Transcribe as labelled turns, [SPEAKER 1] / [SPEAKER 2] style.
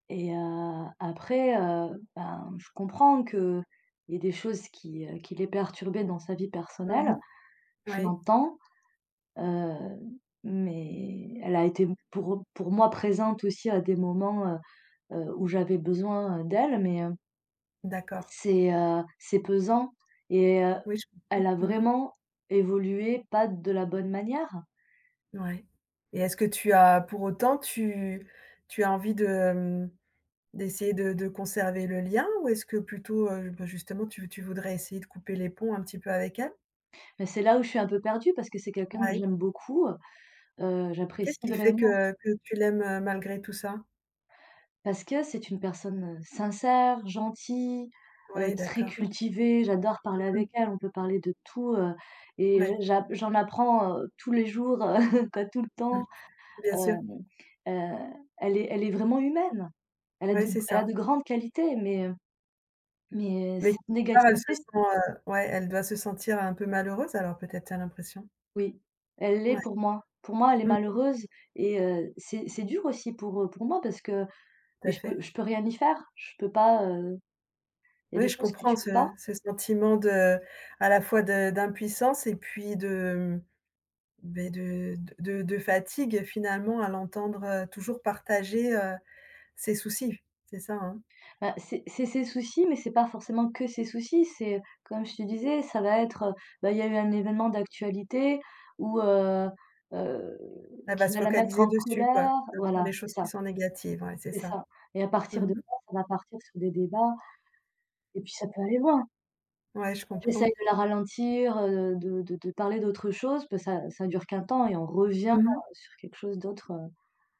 [SPEAKER 1] Et heu, après, heu, bah, je comprends qu'il y ait des choses qui, heu, qui l'ait perturbée dans sa vie
[SPEAKER 2] Mmh
[SPEAKER 1] personnelle.
[SPEAKER 2] mh.
[SPEAKER 1] Je
[SPEAKER 2] Ouais.
[SPEAKER 1] l'entends, heu, mais elle a été pour pour moi présente aussi à des moments, heu heu, où j'avais besoin d'elle, mais heu
[SPEAKER 2] D'accord.
[SPEAKER 1] c'est, heu, c'est pesant et heu,
[SPEAKER 2] Oui, je
[SPEAKER 1] elle
[SPEAKER 2] comprends.
[SPEAKER 1] a
[SPEAKER 2] Mmh mh.
[SPEAKER 1] vraiment évolué pas de la bonne manière.
[SPEAKER 2] Ouais et est-ce que tu as pour autant tu tu as envie de hem, d'essayer de de conserver le lien ou est-ce que plutôt, heu, bah, justement, tu tu voudrais essayer de couper les ponts un petit peu avec elle?
[SPEAKER 1] Bah, c'est là où je suis un peu perdue parce que c'est quelqu'un que
[SPEAKER 2] Ouais.
[SPEAKER 1] j'aime beaucoup, heu,
[SPEAKER 2] Qu'est-ce
[SPEAKER 1] j'apprécie
[SPEAKER 2] qui fait
[SPEAKER 1] vraiment
[SPEAKER 2] que que tu l'aimes, heu, malgré tout ça?
[SPEAKER 1] Parce que c'est une personne sincère, gentille, heu,
[SPEAKER 2] Ouais,
[SPEAKER 1] très
[SPEAKER 2] d'accord.
[SPEAKER 1] cultivée. J'adore parler
[SPEAKER 2] Mmh
[SPEAKER 1] avec
[SPEAKER 2] mh.
[SPEAKER 1] elle, on peut parler de tout, heu, et j
[SPEAKER 2] Ouais.
[SPEAKER 1] j'a j'en apprends, heu, tous les jours, heu, quoi tout le
[SPEAKER 2] Mmh,
[SPEAKER 1] temps.
[SPEAKER 2] bien
[SPEAKER 1] Heu
[SPEAKER 2] sûr.
[SPEAKER 1] heu, elle est elle est vraiment humaine. Elle a
[SPEAKER 2] Ouais,
[SPEAKER 1] de
[SPEAKER 2] c'est
[SPEAKER 1] elle a de
[SPEAKER 2] ça.
[SPEAKER 1] grandes qualités mais heu, mais
[SPEAKER 2] Mais
[SPEAKER 1] cette
[SPEAKER 2] part elle se
[SPEAKER 1] négativité
[SPEAKER 2] sent
[SPEAKER 1] c
[SPEAKER 2] heu, ouais, elle doit se sentir un peu malheureuse, alors peut-être tu as l'impression?
[SPEAKER 1] Oui. Elle l'est
[SPEAKER 2] Ouais.
[SPEAKER 1] pour moi. Pour moi elle est
[SPEAKER 2] Mmh.
[SPEAKER 1] malheureuse et heu, c'est c'est dur aussi pour, heu, pour moi parce que
[SPEAKER 2] Tout
[SPEAKER 1] mais
[SPEAKER 2] à
[SPEAKER 1] je peux
[SPEAKER 2] fait.
[SPEAKER 1] je peux rien y faire, je peux pas heu, il y
[SPEAKER 2] Bah
[SPEAKER 1] a
[SPEAKER 2] oui,
[SPEAKER 1] des
[SPEAKER 2] je
[SPEAKER 1] choses que
[SPEAKER 2] comprends
[SPEAKER 1] tu peux pas.
[SPEAKER 2] ce ce sentiment de à la fois de d'impuissance et puis de, mmh, bah, de de de de fatigue finalement à l'entendre, heu, toujours partager, heu, ses soucis, c'est ça, hein?
[SPEAKER 1] Bah, c'est c'est ses soucis mais c'est pas forcément que ses soucis, c'est comme je te disais ça va être, heu, bah il y a eu un événement d'actualité ou heu heu,
[SPEAKER 2] Elle va
[SPEAKER 1] qui
[SPEAKER 2] se
[SPEAKER 1] va la mettre
[SPEAKER 2] focaliser
[SPEAKER 1] en
[SPEAKER 2] dessus quoi,
[SPEAKER 1] colère
[SPEAKER 2] va faire
[SPEAKER 1] voilà
[SPEAKER 2] des
[SPEAKER 1] c'est
[SPEAKER 2] choses qui
[SPEAKER 1] ça.
[SPEAKER 2] sont négatives. Ouais c'est
[SPEAKER 1] C'est
[SPEAKER 2] ça.
[SPEAKER 1] ça et à
[SPEAKER 2] Mmh
[SPEAKER 1] partir de
[SPEAKER 2] mh.
[SPEAKER 1] là, ça va partir sur des débats et puis ça peut aller loin!
[SPEAKER 2] Ouais, je
[SPEAKER 1] J'essaye
[SPEAKER 2] comprends.
[SPEAKER 1] de la ralentir, heu, de de de parler d'autre chose, peut ça ça dure qu'un temps et on revient
[SPEAKER 2] Mmh mh.
[SPEAKER 1] sur quelque chose d'autre heu